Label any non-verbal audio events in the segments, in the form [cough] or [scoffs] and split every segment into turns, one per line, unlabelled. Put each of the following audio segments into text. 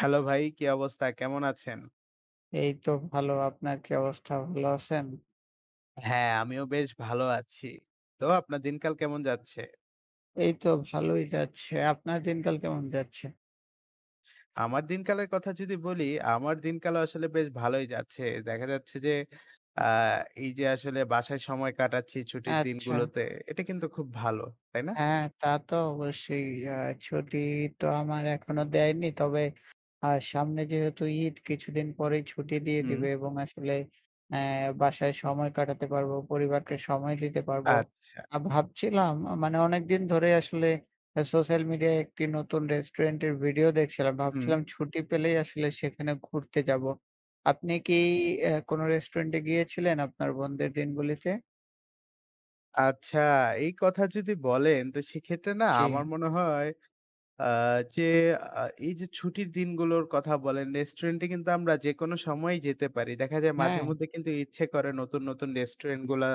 Hello! ভাই, কী অবস্থা? কেমন আছেন?
এইতো ভালো, আপনার কি অবস্থা? ভালো আছেন?
হ্যাঁ, আমিও বেশ ভালো আছি। তো আপনার দিনকাল কেমন যাচ্ছে?
এইতো ভালোই যাচ্ছে। আপনার দিনকাল কেমন যাচ্ছে?
আমার দিনকালের কথা যদি বলি, আমার দিনকালও আসলে বেশ ভালোই যাচ্ছে। দেখা যাচ্ছে যে, আ এই যে আসলে বাসায় সময় কাটাচ্ছি, ছুটির
আচ্ছা।
দিনগুলোতে। এটা কিন্তু খুব ভালো। তাই না?
হ্যাঁ তা তো অবশ্যই। আ ছুটি তো আমার এখনো দেয়নি। তবে আ সামনে যেহেতু ঈদ, কিছুদিন পরেই ছুটি দিয়ে
হুম।
দিবে এবং আসলে অ্যা বাসায় সময় কাটাতে পারবো, পরিবারকে সময় দিতে পারবো।
আচ্ছা।
আর ভাবছিলাম মানে অনেকদিন ধরেই আসলে সোশ্যাল মিডিয়ায় একটি নতুন রেস্টুরেন্ট এর ভিডিও দেখছিলাম।
হুম।
ভাবছিলাম ছুটি পেলেই আসলে সেখানে ঘুরতে যাবো। আপনি কি অ্যা কোন রেস্টুরেন্ট এ গিয়েছিলেন আপনার বোনদের দিনগুলিতে?
আচ্ছা এই কথা যদি বলেন তো সেক্ষেত্রে না আমার
জি।
মনে হয়, আ যে আ এই যে ছুটির দিনগুলোর কথা বলেন, রেস্টুরেন্ট এ কিন্তু আমরা যেকোনো সময়ই যেতে পারি। দেখা যায় মাঝে
হ্যাঁ।
মধ্যে কিন্তু ইচ্ছে করে নতুন, নতুন রেস্টুরেন্ট গুলা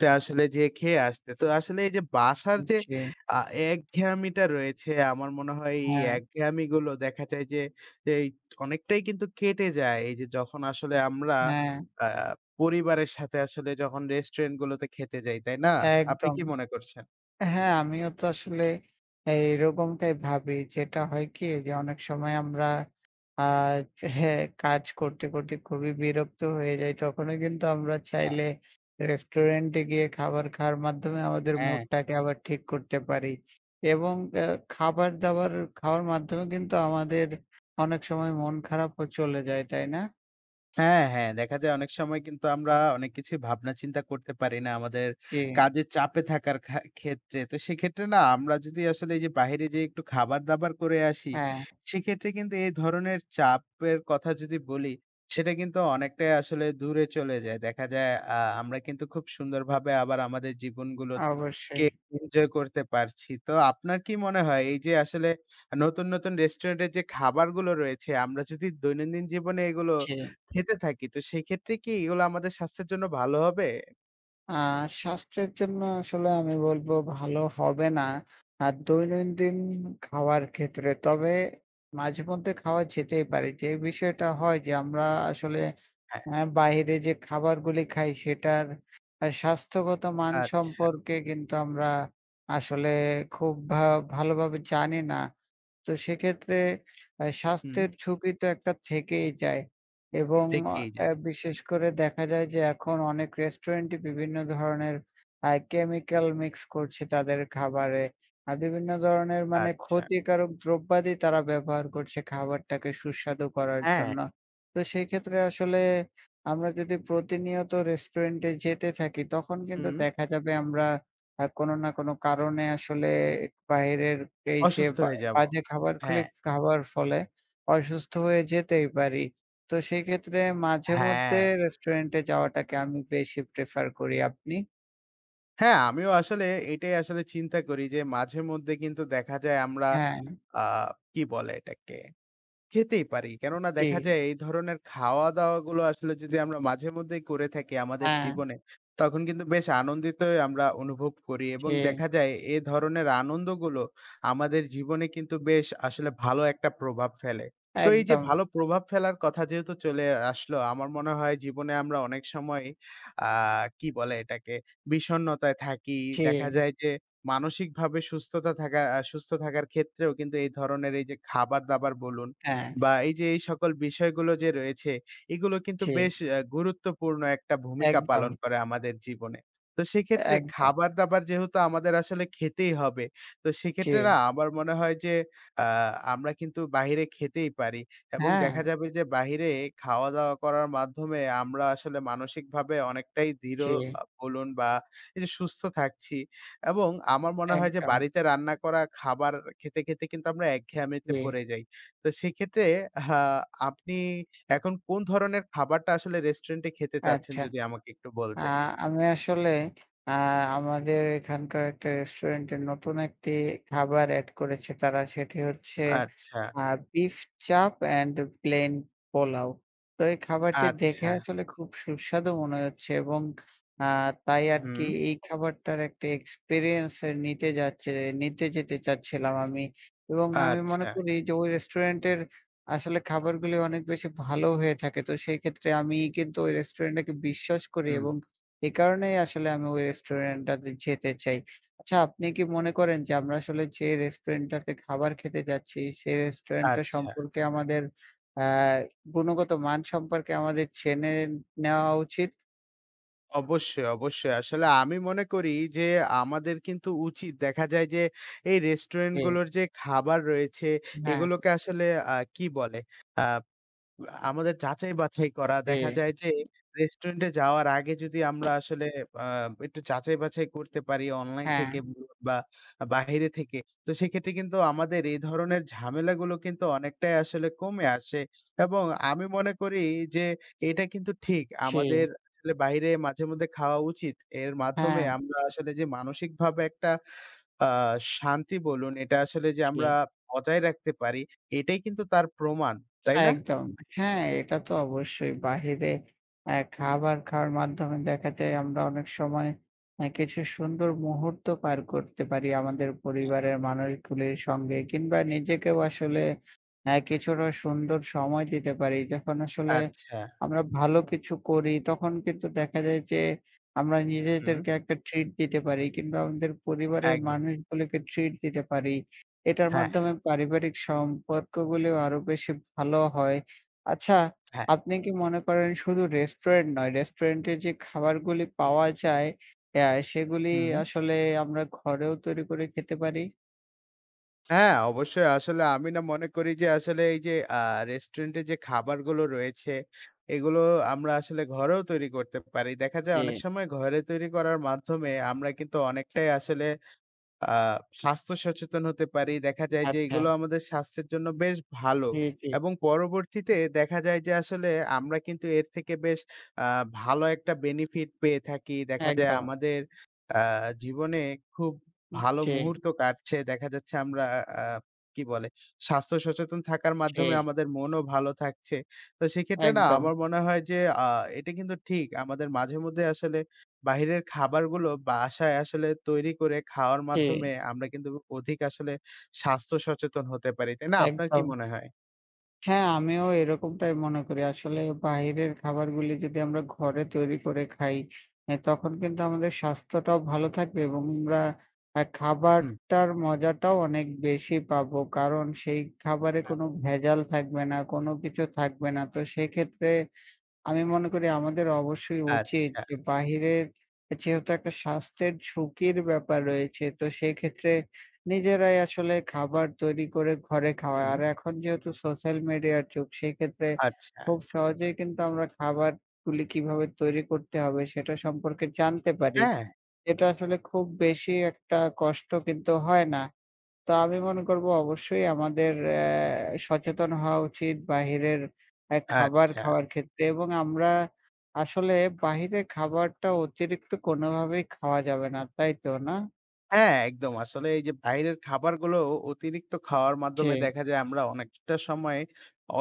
তে আসলে যেয়ে খেয়ে আসতে। তো আসলে এই যে বাসার
ঊ
যে
জি।
আ একঘেয়ামিটা রয়েছে আমার মনে হয় এই
হ্যাঁ।
একঘেয়ামিগুলো দেখা যায় যে, এই অনেকটাই কিন্তু কেটে যায়। এই যে যখন আসলে আমরা
হ্যাঁ।
আ পরিবারের সাথে আসলে যখন রেস্টুরেন্ট গুলোতে খেতে যাই, তাই না? আপনি
একদম।
কি মনে করছেন?
হ্যাঁ, আমিও তো আসলে এরকমটাই ভাবি। যেটা হয় কি যে অনেক সময় আমরা আ যে হ্যাঁ কাজ করতে, করতে খুবই বিরক্ত হয়ে যাই। তখনো কিন্তু আমরা
হ্যাঁ।
চাইলে রেস্টুরেন্টে গিয়ে খাবার খাওয়ার মাধ্যমে আমাদের
হ্যাঁ।
মুডটাকে আবার ঠিক করতে পারি এবং অ্যা খাবার-দাবার খাওয়ার মাধ্যমে কিন্তু আমাদের অনেক সময় মন খারাপও চলে যায়, তাই না?
হ্যাঁ, হ্যাঁ, দেখা যায় অনেক সময় কিন্তু আমরা অনেক কিছুই ভাবনা চিন্তা করতে পারি না। আমাদের
জি।
কাজের চাপে থাকার খা ক্ষেত্রে। তো সেক্ষেত্রে না আমরা যদি আসলে এই যে বাহিরে যে একটু খাবার-দাবার করে আসি,
হ্যাঁ।
সেক্ষেত্রে কিন্তু এ ধরনের চাপের কথা যদি বলি, সেটা কিন্তু অনেকটাই আসলে দূরে চলে যায়। দেখা আ যায় আমরা কিন্তু খুব সুন্দরভাবে আমাদের জীবনগুলোকে
অবশ্যই।
এনজয় করতে পারছি। তো আপনার কি মনে হয় এই যে আসলে নতুন, নতুন রেস্টুরেন্টের যে খাবারগুলো রয়েছে আমরা যদি দৈনন্দিন জীবনে এগুলো
জি।
খেতে থাকি, তো সেক্ষেত্রে কি এগুলো আমাদের স্বাস্থ্যের জন্য ভালো হবে?
আ স্বাস্থ্যের জন্য আসলে আমি বলবো ভালো হবে না। আর দৈনন্দিন খাওয়ার ক্ষেত্রে। তবে মাঝে মধ্যে খাওয়া যেতেই পারি। যে বিষয়টা হয় যে আমরা আসলে
হ্যাঁ।
আ বাহিরে যে খাবারগুলি খাই সেটার স্বাস্থ্যগত মান
আচ্ছা।
সম্পর্কে কিন্তু আমরা আসলে খুব ভা ভালোভাবে জানি না। তো সেক্ষেত্রে আ
হুম।
স্বাস্থ্যের ঝুকি তো একটা থেকেই যায় এবং
থেকেই
আ
যায়।
বিশেষ করে দেখা যায় যে এখন অনেক রেস্টুরেন্টই বিভিন্ন ধরনের আ কেমিক্যাল মিক্স করছে তাদের খাবারে। আ বিভিন্ন ধরনের মানে
আচ্ছা।
ক্ষতিকারক দ্রব্যাদি তারা ব্যবহার করছে খাবারটাকে সুস্বাদু করার
হ্যাঁ।
জন্য। তো সেক্ষেত্রে আসলে আমরা যদি প্রতি নিয়ত রেস্টুরেন্টে যেতে থাকি তখন কিন্তু
হুম।
দেখা যাবে আমরা আ কোন না কোন কারণে আসলে বাহিরের এই যে
অসুস্থ
বা
হয়ে যাবো,
বাজে খাবার গুলি
হ্যাঁ।
খাবার ফলে অসুস্থ হয়ে যেতেই পারি। তো সেক্ষেত্রে মাঝে মধ্যে
হ্যাঁ।
রেস্টুরেন্টে যাওয়াটাকে আমি বেশি প্রেফার করি। আপনি?
হ্যাঁ, আমিও আসলে এটাই আসলে চিন্তা করি যে মাঝেমধ্যে কিন্তু দেখা যায় আমরা
হ্যাঁ।
আ কি বলে এটাকে খেতেই পারি। কেননা দেখা
জি।
যায় এই ধরনের খাওয়া-দাওয়া গুলো আসলে যদি আমরা মাঝেমধ্যেই করে থাকি আমাদের
হ্যাঁ।
জীবনে, তখন কিন্তু বেশ আনন্দিতই আমরা অনুভব করি এবং
জি।
দেখা যায় এ ধরনের আনন্দগুলো আমাদের জীবনে কিন্তু বেশ আসলে ভালো একটা প্রভাব ফেলে। তো এই যে
একদম।
ভালো প্রভাব ফেলার কথা যেহেতু চলে আসলো আমার মনে হয় জীবনে আমরা অনেক সময় আ কি বলে এটাকে বিষণ্ণতায় থাকি। দেখা
জি।
যায় যে মানসিকভাবে সুস্থতা থাকা আ সুস্থ থাকার ক্ষেত্রেও কিন্তু এই ধরনের এই যে খাবার দাবার বলুন
হ্যাঁ।
বা এই যে এই সকল বিষয়গুলো যে রয়েছে। এগুলো কিন্তু বেশ
জি।
গুরুত্বপূর্ণ একটা ভূমিকা পালন
একদম।
করে আমাদের জীবনে। তো সেক্ষেত্রে
একদম।
খাবার-দাবার যেহেতু আমাদের আসলে খেতেই হবে। তো সেক্ষেত্রে না
জি।
আমার মনে হয় যে আ আমরা কিন্তু বাইরে খেতেই পারি এবং দেখা
হ্যাঁ।
যাবে যে বাইরে খাওয়া-দাওয়া করার মাধ্যমে আমরা আসলে মানসিকভাবে অনেকটাই দৃঢ়
জি।
বলুন বা এই যে সুস্থ থাকছি এবং আমার মনে হয় যে
একদম।
বাড়িতে রান্না করা খাবার খেতে, খেতে কিন্তু আমরা একঘেয়ামিতে
জি।
পড়ে যাই। তো সেক্ষেত্রে আ আপনি এখন কোন ধরনের খাবারটা আসলে রেস্টুরেন্টে খেতে চাচ্ছেন
আচ্ছা।
যদি আমাকে একটু
আ
বলতেন।
আমি আসলে আ আমাদের এখানকার একটা রেস্টুরেন্টের নতুন একটি খাবার এড করেছে তারা সেটি হচ্ছে
আচ্ছা।
আ beef chaap and plain pulao. তো এই খাবারটি দেখে
আচ্ছা।
আসলে খুব সুস্বাদু মনে হচ্ছে এবং আ তাই আরকি
হুম।
এই খাবারটার একটা এক্সপেরিয়েন্স এ নিতে যাচ্ছে। নিতে যেতে চাচ্ছিলাম আমি এবং আমি মনে
আচ্ছা।
করি যে ওই রেস্টুরেন্টের আসলে খাবারগুলো অনেক বেশি ভালো হয়ে থাকে। তো সেই ক্ষেত্রে আমি কিন্তু ওই রেস্টুরেন্টটাকে বিশ্বাস করি
হুম।
এবং এই কারণেই আসলে আমি ওই রেস্টুরেন্টটাতে যেতে চাই। আচ্ছা আপনি কি মনে
আ
করেন যে আমরা আসলে যে রেস্টুরেন্টটাতে খাবার খেতে যাচ্ছি সে রেস্টুরেন্ট টা
আচ্ছা।
সম্পর্কে আমাদের আ গুণগত মান সম্পর্কে আমাদের জেনে নেওয়া উচিত?
অবশ্যই, অবশ্যই। আসলে আমি মনে করি যে আমাদের কিন্তু উচিত দেখা যায় যে এই রেস্টুরেন্ট
জি।
গুলোর যে খাবার রয়েছে,
হ্যাঁ।
এগুলোকে আসলে আ কি বলে? আ আমাদের যাচাই-বাছাই করা
জি।
দেখা যায় যে রেস্টুরেন্ট এ যাওয়ার আগে যদি আমরা আসলে আ একটু যাচাই-বাছাই করতে পারি অনলাইন থেকে
হ্যাঁ।
বা বাইরে থেকে। তো সেক্ষেত্রে কিন্তু আমাদের এ ধরনের ঝামেলাগুলো কিন্তু অনেকটাই আসলে কমে আসে। এবং আমি মনে করি যে এটা কিন্তু ঠিক। আমাদের
জি।
আসলে বাইরে মাঝে মধ্যে খাওয়া উচিত। এর মাধ্যমে
হ্যাঁ।
আমরা আসলে যে মানসিকভাবে একটা আ শান্তি বলুন এটা আসলে যে
জি।
আমরা বজায় রাখতে পারি এটাই কিন্তু তার প্রমাণ। তাই না?
একদম। হ্যাঁ, এটা তো অবশ্যই বাইরে আ খাবার খাওয়ার মাধ্যমে দেখা যায় আমরা অনেক সময় কিছু সুন্দর মুহূর্ত পার করতে পারি। আমাদের পরিবারের মানুষগুলির সঙ্গে কিংবা নিজেকেও আসলে আ কিছুটা সুন্দর সময় দিতে পারি। যখন আসলে
আচ্ছা।
আমরা ভালো কিছু করি তখন কিন্তু দেখা যায় যে, আমরা
হুম।
নিজেদেরকে একটা ট্রিট দিতে পারি কিংবা আমাদের পরিবারের
একদম।
মানুষগুলোকে ট্রিট দিতে পারি। এটার
হ্যাঁ।
মাধ্যমে পারিবারিক সম্পর্কগুলো আরো বেশি ভালো হয়। আচ্ছা,
হ্যাঁ।
আপনি কি মনে করেন শুধু রেস্টুরেন্ট নয় রেস্টুরেন্টের যে খাবারগুলো পাওয়া যায়-এয় সেগুলি
হুম।
আসলে আমরা ঘরেও তৈরি করে খেতে পারি?
হ্যাঁ, অবশ্যই আসলে আমি না মনে করি যে আসলে এই যে আ রেস্টুরেন্ট এ যে খাবারগুলো রয়েছে এগুলো আমরা আসলে ঘরেও তৈরি করতে পারি। দেখা যায় অনেক
জি।
সময় ঘরে তৈরি করার মাধ্যমে আমরা কিন্তু অনেকটাই আসলে আ স্বাস্থ্য সচেতন হতে পারি। দেখা যায় যে
আচ্ছা।
এগুলো আমাদের স্বাস্থ্যের জন্য বেশ ভালো
জি, জি।
এবং পরবর্তীতে দেখা যায় যে আসলে আমরা কিন্তু এর থেকে বেশ আ ভালো একটা বেনিফিট পেয়ে থাকি। দেখা যায়
একদম।
আমাদের আ জীবনে খুব
উ
ভালো
জি।
মুহূর্ত কাটছে। দেখা যাচ্ছে আমরা আ কি বলে স্বাস্থ্য সচেতন থাকার মাধ্যমে
জি।
আমাদের মনও ভালো থাকছে। তো সেক্ষেত্রে না
একদম।
আমার মনে হয় যে আ এটা কিন্তু ঠিক আমাদের মাঝে মধ্যে আসলে বাহিরের খাবারগুলো বাসায় আসলে তৈরি করে খাওয়ার মাধ্যমে
জি।
আমরা কিন্তু অধিক আসলে স্বাস্থ্য সচেতন হতে পারি। তাই না? আপনার কি
একদম।
মনে হয়?
হ্যাঁ, আমিও এরকমটাই মনে করি। আসলে বাহিরের খাবারগুলি যদি আমরা ঘরে তৈরি করে খাই। এ তখন কিন্তু আমাদের স্বাস্থ্যটাও ভালো থাকবে এবং আমরা এ
হুম।
খাবারটার মজাটাও অনেক বেশি পাবো কারণ সেই খাবারে
হ্যাঁ।
কোন ভেজাল থাকবে না। কোন কিছু থাকবে না। তো সেক্ষেত্রে আমি মনে করি আমাদের অবশ্যই উচিত
আচ্ছা।
যে বাহিরের যেহেতু একটা স্বাস্থ্যের ঝুঁকির ব্যাপার রয়েছে। তো সেক্ষেত্রে নিজেরাই আসলে খাবার তৈরি করে ঘরে খাওয়া।
হুম।
আর এখন যেহেতু সোশ্যাল মিডিয়ার যুগ সেক্ষেত্রে
আচ্ছা।
খুব সহজেই কিন্তু আমরা খাবারগুলি কিভাবে তৈরি করতে হবে সেটা সম্পর্কে জানতে পারি।
হ্যাঁ।
এটা আসলে খুব বেশি একটা কষ্ট কিন্তু হয় না। তো আমি মনে করব অবশ্যই আমাদের অ্যা সচেতন হওয়া উচিত বাহিরের এ খাবার
আচ্ছা।
খাওয়ার ক্ষেত্রে এবং আমরা আসলে বাহিরের খাবারটা অতিরিক্ত কোনভাবেই খাওয়া যাবে না। তাইতো না?
হ্যাঁ একদম, আসলে এই যে বাইরের খাবারগুলো অতিরিক্ত খাওয়ার মাধ্যমে
যে।
দেখা যায় আমরা অনেকটা সময়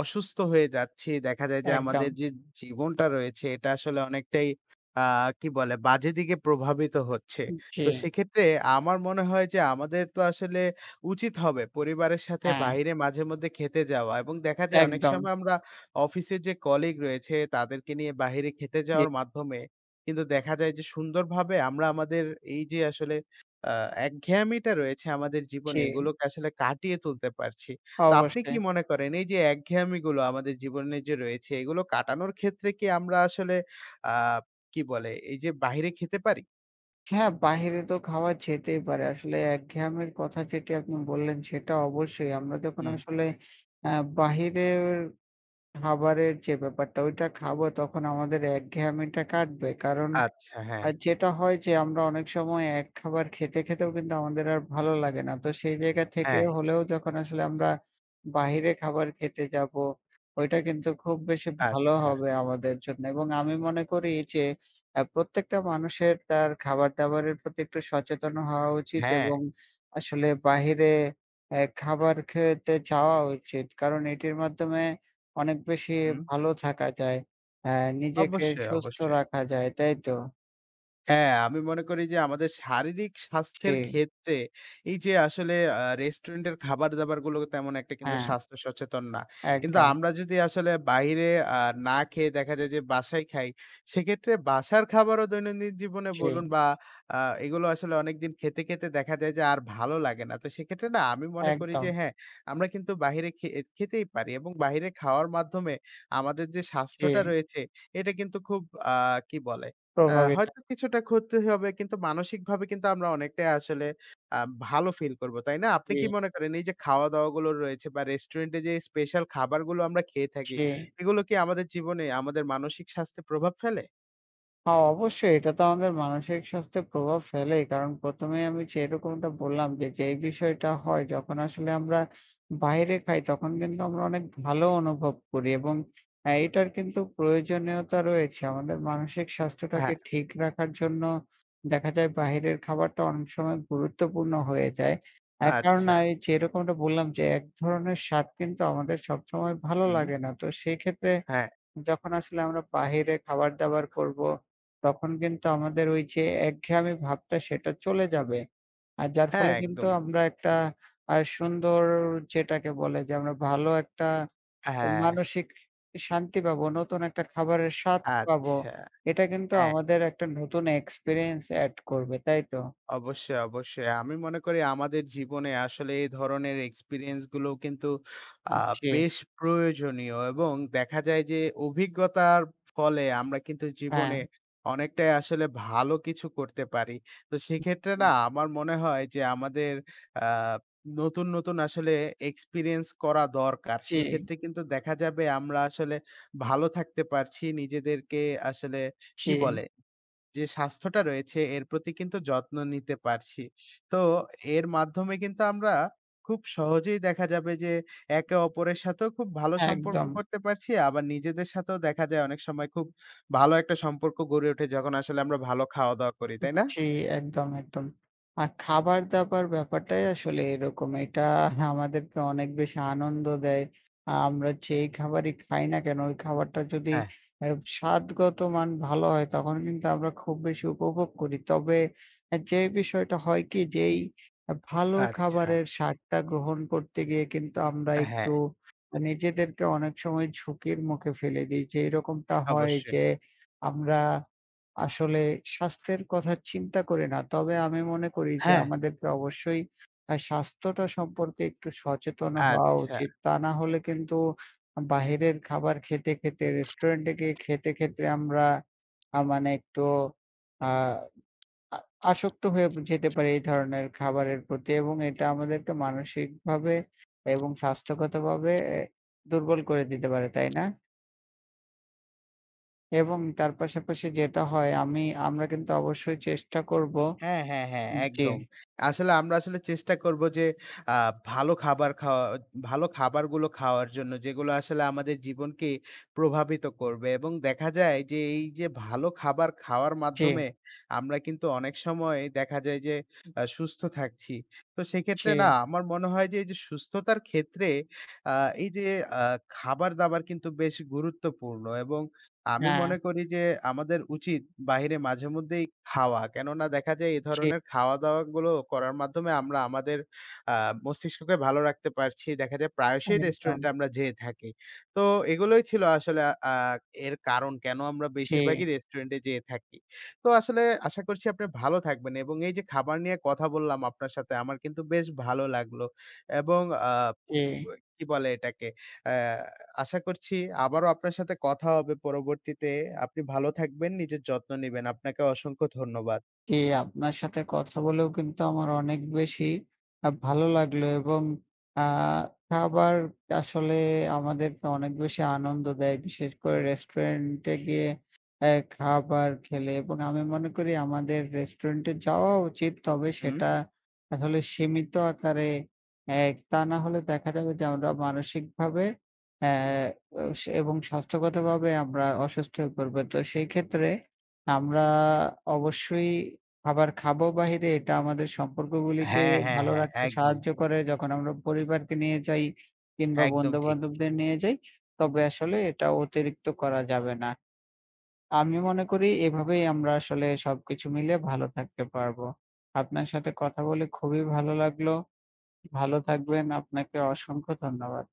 অসুস্থ হয়ে যাচ্ছি। দেখা যায় যে, আমাদের
একদম।
যে জীবনটা রয়েছে এটা আসলে অনেকটাই আ কি বলে বাজে দিকে প্রভাবিত হচ্ছে।
উ জি।
তো সেক্ষেত্রে আমার মনে হয় যে আমাদের তো আসলে উচিত হবে পরিবারের সাথে
হ্যাঁ।
বাহিরে মাঝেমধ্যে খেতে যাওয়া এবং দেখা যায় অনেক
একদম।
সময় আমরা অফিসের যে কলিগ রয়েছে, তাদেরকে নিয়ে বাহিরে খেতে
[unintelligible]
যাওয়ার মাধ্যমে কিন্তু দেখা যায় যে সুন্দর ভাবে আমরা আমাদের এই যে আসলে আ একঘেয়ামিটা রয়েছে আমাদের জীবনে
জি।
এগুলোকে আসলে কাটিয়ে তুলতে পারছি। তো আপনি কি
অবশ্যই।
মনে করেন এই যে একঘেয়ামিগুলো আমাদের জীবনে যে রয়েছে এগুলো কাটানোর ক্ষেত্রে কি আমরা আসলে আ কি বলে? এই যে বাহিরে খেতে পারি?
হ্যাঁ, বাহিরে তো খাওয়া যেতেই পারে। আসলে একঘেয়ামির কথা যেটি আপনি বললেন সেটা অবশ্যই। আমরা যখন
হুম।
আসলে আ বাহিরের খাবারের যে ব্যাপারটা ওইটা খাবো তখন আমাদের একঘেয়ামিটা কাটবে। কারণ,
আচ্ছা,
আ
হ্যাঁ।
যেটা হয় যে আমরা অনেক সময় এক খাবার খেতে খেতেও কিন্তু আমাদের আর ভালো লাগে না। তো সেই জায়গা থেকে
হ্যাঁ।
হলেও যখন আসলে আমরা বাহিরে খাবার খেতে যাবো, ওইটা কিন্তু খুব বেশি ভালো
আচ্ছা।
হবে আমাদের জন্যে এবং আমি মনে করি যে আ প্রত্যেকটা মানুষের তার খাবার-দাবারের প্রতি একটু সচেতন হওয়া উচিত
হ্যাঁ।
এবং আসলে বাহিরে এ খাবার খেতে যাওয়া উচিত কারণ এটির মাধ্যমে অনেক বেশি
হুম।
ভালো থাকা যায়। আ নিজেকে
অবশ্যই,
সুস্থ
অবশ্যই।
রাখা যায়। তাই তো?
হ্যাঁ, আমি মনে করি যে আমাদের শারীরিক
জি।
স্বাস্থ্যের ক্ষেত্রে এই যে আসলে আ রেস্টুরেন্ট এর খাবার-দাবারগুলো তেমন একটা কিন্তু
হ্যাঁ।
স্বাস্থ্য সচেতন না। কিন্তু
একদম।
আমরা যদি আসলে বাইরে আ না খেয়ে দেখা যায় যে বাসায় খাই সেক্ষেত্রে বাসার খাবারও দৈনন্দিন জীবনে বলুন
জি।
বা আ এগুলো আসলে অনেকদিন খেতে, খেতে দেখা যায় যে আর ভালো লাগে না। তো সেক্ষেত্রে না আমি মনে করি যে
একদম।
হ্যাঁ, আমরা কিন্তু বাইরে খে খেতেই পারি এবং বাহিরে খাওয়ার মাধ্যমে আমাদের যে স্বাস্থ্যটা
জি।
রয়েছে এটা কিন্তু খুব আ কি বলে
প্রভাবিত।
হয়তো কিছুটা ক্ষতি হবে কিন্তু মানসিকভাবে কিন্তু আমরা অনেকটাই আসলে আ ভালো ফিল করব। তাই না? আপনি কি
জি।
মনে করেন এই যে খাওয়া-দাওয়া গুলো রয়েছে বা রেস্টুরেন্ট এ যে স্পেশাল খাবারগুলো আমরা খেয়ে থাকি
জি।
এগুলো কি আমাদের জীবনে আমাদের মানসিক স্বাস্থ্য প্রভাব ফেলে?
হ্যাঁ, অবশ্যই এটা তো আমাদের মানসিক স্বাস্থ্যের প্রভাব ফেলেই। কারণ ১ম এই আমি যেরকমটা বললাম, যে যেই বিষয়টা হয় যখন আসলে আমরা বাইরে খাই তখন কিন্তু আমরা অনেক ভালো অনুভব করি এবং এটার কিন্তু প্রয়োজনীয়তা রয়েছে। আমাদের মানসিক স্বাস্থ্যটাকে
হ্যাঁ।
ঠিক রাখার জন্য, দেখা যায় বাহিরের খাবারটা অনেক সময় গুরুত্বপূর্ণ হয়ে যায়। এক কারণ
আচ্ছা।
যেরকমটা বললাম যে এক ধরনের স্বাদ কিন্তু আমাদের সবসময় ভালো
হুম।
লাগে না। তো সেক্ষেত্রে
হ্যাঁ।
যখন আসলে আমরা বাহিরে খাবার-দাবার করব। তখন কিন্তু আমাদের ওই যে একঘেয়ামি ভাবটা সেটা চলে যাবে। আর যার
হ্যাঁ
ফলে কিন্তু
একদম।
আমরা একটা আ সুন্দর যেটাকে বলে যে আমরা ভালো একটা
হ্যাঁ।
মানসিক শান্তি পাবো। নতুন একটা খাবারের স্বাদ পাবো।
আচ্ছা।
এটা কিন্তু
হ্যাঁ।
আমাদের একটা নতুন এক্সপেরিয়েন্স এড করবে। তাই তো?
অবশ্যই, অবশ্যই। আমি মনে করি আমাদের জীবনে আসলে এই ধরনের এক্সপেরিয়েন্স গুলো কিন্তু আ
জি।
বেশ প্রয়োজনীয় এবং দেখা যায় যে অভিজ্ঞতার ফলে আমরা কিন্তু জীবনে
হ্যাঁ।
অনেকটাই আসলে ভালো কিছু করতে পারি। তো
হু,
সেক্ষেত্রে না
হু।
আমার মনে হয় যে আমাদের আ নতুন, নতুন আসলে এক্সপেরিয়েন্স করা দরকার।
জি।
সেক্ষেত্রে কিন্তু দেখা যাবে আমরা আসলে ভালো থাকতে পারছি নিজেদেরকে আসলে, কী
জি।
বলে? যে স্বাস্থ্যটা রয়েছে এর প্রতি কিন্তু যত্ন নিতে পারছি। তো এর মাধ্যমে কিন্তু আমরা খুব সহজেই দেখা যাবে যে একে-অপরের সাথেও খুব ভালো সম্পর্ক
একদম।
করতে পারছি। আবার নিজেদের সাথেও দেখা যায় অনেক সময় খুব ভালো একটা সম্পর্ক গড়ে ওঠে যখন আসলে আমরা ভালো খাওয়া-দাওয়া করি। তাই না?
জ্বি একদম, একদম। আর খাবার-দাবার ব্যাপারটাই আসলে এরকম। এটা [scoffs] আমাদেরকে অনেক বেশি আনন্দ দেয়। আমরা যে খাবারই খাই না কেন ওই খাবারটা যদি
হ্যাঁ।
আ স্বাদগত মান ভালো হয় তখন কিন্তু আমরা খুব বেশি উপভোগ করি। তবে যে বিষয়টা হয় কি, যেই ভালো
আচ্ছা।
খাবারের স্বাদটা গ্রহণ করতে গিয়ে কিন্তু আমরা
হ্যাঁ।
একটু নিজেদেরকে অনেক সময় ঝুঁকির মুখে ফেলে দেই। যেইরকমটা হয়
অবশ্যই।
যে আমরা, আসলে স্বাস্থ্যের কথা চিন্তা করি না। তবে আমি মনে করি যে
হ্যাঁ।
আমাদেরকে অবশ্যই আ স্বাস্থ্যটা সম্পর্কে একটু সচেতন হওয়া
আচ্ছা।
উচিত। তা না হলে কিন্তু বাহিরের খাবার খেতে, খেতে রেস্টুরেন্টে গিয়ে খেতে, খেতে আমরা আ মানে একটু আ আ আসক্ত হয়ে যেতে পারি এই ধরনের খাবারের প্রতি এবং এটা আমাদেরকে মানসিকভাবে এবং স্বাস্থ্যগতভাবে দুর্বল করে দিতে পারে। তাই না? এবং তার পাশাপাশি যেটা হয়, আমি
[unintelligible]
আমরা কিন্তু অবশ্যই চেষ্টা করব।
হ্যাঁ, হ্যাঁ, হ্যাঁ।
জ্বী।
একদম। আসলে, আমরা আসলে চেষ্টা করব যে, আ ভালো খাবার খাওয়া ভালো খাবারগুলো খাওয়ার জন্য, যেগুলো আসলে আমাদের জীবনকে প্রভাবিত করবে। এবং দেখা যায় যে, এই যে ভালো খাবার খাওয়ার
জ্বী।
মাধ্যমে, আমরা কিন্তু অনেক সময় দেখা যায় যে, আ সুস্থ থাকছি। তো, সেক্ষেত্রে না
জ্বী।
আমার মনে হয় যে, এই যে সুস্থতার ক্ষেত্রে আ এই যে আ খাবার দাবার কিন্তু বেশ গুরুত্বপূর্ণ এবং আমি
হ্যাঁ।
মনে করি যে, আমাদের উচিত বাহিরে মাঝেমধ্যেই খাওয়া। কেননা, দেখা যায় এ
জ্বী।
ধরনের খাওয়া দাওয়া গুলো করার মাধ্যমে আমরা আমাদের আ মস্তিষ্ককে ভালো রাখতে পারছি। দেখা যায়, প্রায়শই রেস্টুরেন্টে
একদম।
আমরা যেয়ে থাকি। তো এগুলোই ছিল আসলে আ এর কারণ, কেন আমরা
জ্বী।
বেশিরভাগই রেস্টুরেন্ট-এ যেয়ে থাকি। তো আসলে, আশা করছি আপনি ভালো থাকবেন। এবং এই যে খাবার নিয়ে কথা বললাম আপনার সাথে, আমার কিন্তু বেশ ভালো লাগলো। এবং আ
জ্বী।
কি বলে এটাকে, আ আশা করছি, আবারো আপনার সাথে কথা হবে পরবর্তীতে। আপনি ভালো থাকবেন, নিজের যত্ন নিবেন। আপনাকেও অসংখ্য ধন্যবাদ।
জ্বী। আপনার সাথে কথা বলেও কিন্তু আমার অনেক বেশি আ ভালো লাগলো, এবং আ খাবার আসলে আমাদেরকে অনেক বেশি আনন্দ দেয়। বিশেষ করে রেস্টুরেন্টে-এ গিয়ে খাবার খেলে এবং আমি মনে করি, আমাদের রেস্টুরেন্ট-এ যাওয়া উচিত, তবে
হুম।
সেটা আসলে সীমিত আকারে। এক তা না হলে দেখা যাবে যে আমরা মানসিকভাবে আ এবং স্বাস্থ্যগতভাবে আমরা অসুস্থ হয়ে পড়ব। তো সেই ক্ষেত্রে আমরা অবশ্যই খাবার খাবো বাহিরে। এটা আমাদের সম্পর্কগুলিকে
হ্যাঁ, হ্যাঁ,
ভালো
হ্যাঁ।
রাখতে
একদম।
সাহায্য করে, যখন আমরা পরিবারকে নিয়ে যাই কিংবা
একদম ঠিক।
বন্ধু-বান্ধবদের নিয়ে যাই। তবে আসলে, এটা অতিরিক্ত করা যাবে না। আমি মনে করি, এভাবেই আমরা আসলে সবকিছু মিলে, ভালো থাকতে পারবো। আপনার সাথে কথা বলে, খুবই ভালো লাগলো। ভালো থাকবেন, আপনাকে অসংখ্য ধন্যবাদ।